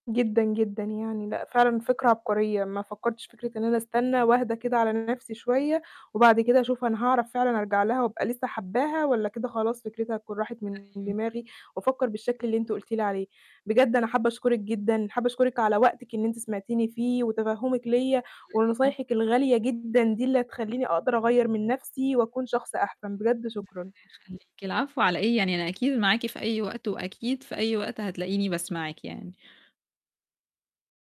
جدًا جدًا يعني. لأ فعلًا فكرة عبقرية. ما فكرتش في فكرة إن أنا أستنى وأهدى كده على نفسي شوية، وبعد كده أشوف أنا هاعرف فعلًا أرجع لها وأبقى لسه حاباها، والّا كده خلاص فكرتها هتكون راحت من أيوة. دماغي، وأفكر بالشكل اللي أنتِ قلتِ لي عليه. بجد أنا حابة أشكرِك جدًا. حابة أشكرِك على وقتِك إن أنتِ سمعتيني فيه، وتفهمِك ليَّ، على إيه؟ ونصايحِك الغالية جدًا دي اللي هتخليني أقدر أغيّر من نفسي، وأكون شخص أحسن. بجد الله شكرًا. يخليكِ. العفو على إيه؟ يعني أنا أكيد معاكِ في أي وقت، وأكيد في أي وقت هتلاقيني باسمعِك يعني.